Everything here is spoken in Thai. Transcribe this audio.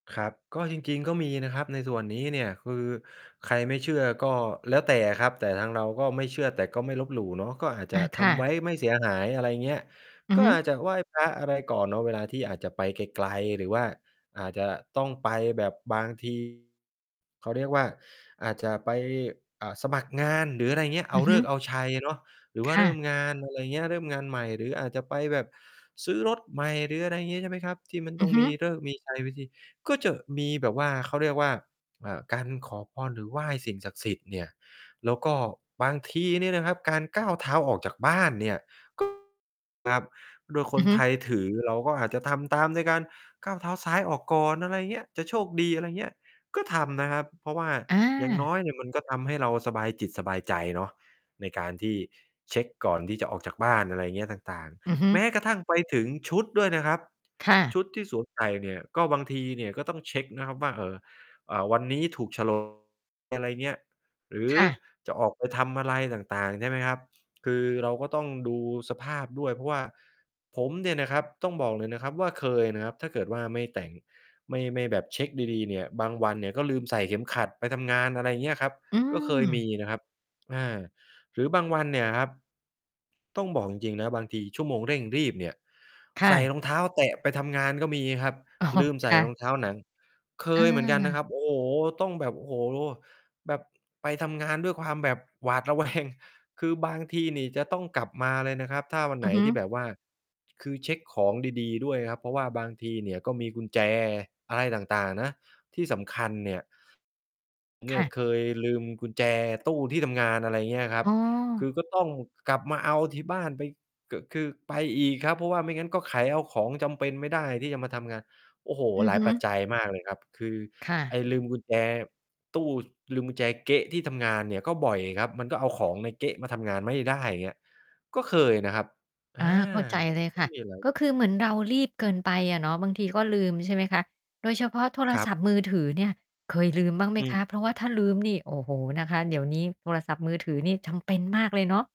ครับ ก็จริง ๆ ก็มีนะครับในส่วนนี้เนี่ย คือใครไม่เชื่อก็แล้วแต่อะครับ แต่ทางเราก็ไม่เชื่อ แต่ก็ไม่ลบหลู่เนาะ ก็อาจจอะา คท่ำไะ ว้ไม่เสียหาย อะไรอย่างเงี้ย อือก็ฮึ อาจจะไหว้พระอะไรก่อนเนาะเวลาที่อาจจะไปไกล ๆ หรือว่าอาจจะต้องไปแบบบาง ที เขาเรียกว่า อาจจะไป อ่า สมัครงาน หรืออะไรอย่างเงี้ย เออืาอฤฮึ กษ์เอาชัยเนาะ หรือวค่าเ่ริ่มะ งาน อะไรเงี้ย เริ่มงานใหม่ หรืออาจจะไปแบบซื้อรถใหม่ หรืออะไรอย่างงี้ ใช่ไหมครับ ที่มันอตื้อองฮึ มีฤกษ์มีชัยพิธี ก็จะมีแบบว่า เขาเรียกว่า อ่า การขอพรหรือไหว้สิ่งศักดิ์สิทธิ์เนี่ย แล้วก็บางทีเนี่ยนะครับการก้าวเท้าออกจากบ้านเนี่ย ก็ ครับ โดยคอืนอฮึ ไทยถือเราก็อาจจะทำตามในการก้าวเท้าซ้ายออกก่อน อะไรอย่างเงี้ย จะโชคดี อะไรเงี้ย ก็ทำนะครับ เพราะว่าออย่างา น้อยเนี่ย มันก็ทำให้เราสบายจิตสบายใจเนาะในการที่เช็กก่อนที่จะออกจากบ้าน อะไรเงี้ยต่าง อือฮึ ๆ แม้กระทั่งไปถึงชุดด้วยนะครับ ค่ะ ชุดที่สวมใส่เนี่ย ก็บางทีเนี่ยก็ต้องเช็กนะครับว่า เอ่อ อ่า วันนี้ถูก โฉลก อะไรเงี้ย หรือค่ะ จะออกไปทำอะไรต่าง ๆ ใช่ไหมครับ คือเราก็ต้องดูสภาพด้วย เพราะว่าผมเนี่ยนะครับต้องบอกเลยนะครับว่า เคยนะครับ ถ้าเกิดว่าไม่แต่ง ไม่ ไม่แบบเช็กดี ๆ เนี่ย บางวันก็ลืมใส่เข็มขัดไปทำงาน อะไรอย่างเงี้ยครับ อืก็เคยมีม นะครับ อา หรือบางวันเนี่ยครับ ต้องบอกจริง ๆ นะบางทีชั่วโมงเร่งรีบเนี่ย คใ่ส่ะ รองเท้าแตะไปทำงาน ก็มีครับ อ๋อ ลืมใสค่่ระ องเท้าหนัง เคยเหมือนกันนอา ะครับ โอ้โฮ ต้องแบบ โอ้โฮ แบบไปทำงานด้วยความแบบ หวาดระแวง คือบางทีนี่จะต้องกลับมาเลยนะครับ ถ้าวันไอหืนอฮึ ที่แบบว่า คือเช็กของดี ๆ ด้วยครับ เพราะว่าบางทีเนี่ยก็มีกุญแจอะไรต่าง ๆ นะที่สำคัญเนี่ย เนคี่่ยะ เคยลืมกุญแจตู้ที่ทำงาน อะไรอย่างเงี้ยครัอบ ๋คอ ือก็ต้องกลับมาเอาที่บ้านไป ก คือไปอีกครับ เพราะว่าไม่งั้นก็ไขเอาของจำเป็นไม่ได้ที่จะมาทำงาน โอ้โฮ อืหอลาฮยปัจึ จัยมากเลยครับ คือค่ไะ อ้ลืมกุญแจตู้ ลืมกุญแจเก๊ะที่ทำงานเนี่ยก็บ่อยครับ มันก็เอาของในเก๊ะมาทำงานไม่ได้ อย่างเงี้ย ก็เคยนะครับ อา อา เข้าใจเลยก็ค่ะ มีอะไร ก็คือเหมือนเรารีบเกินไปอะเนาะ บางทีก็ลืม ใช่ไหมคะ โดยเฉพาะโทรครัศบ ัพท์มือถือเนี่ย เคยลืมบ้างไหมอืคม ะ? เพราะว่าถ้าลืมนี่ โอ้โฮ นะคะ เดี๋ยวนี้โทรศัพท์มือถือนี่จำเป็นมากเลยเนาะ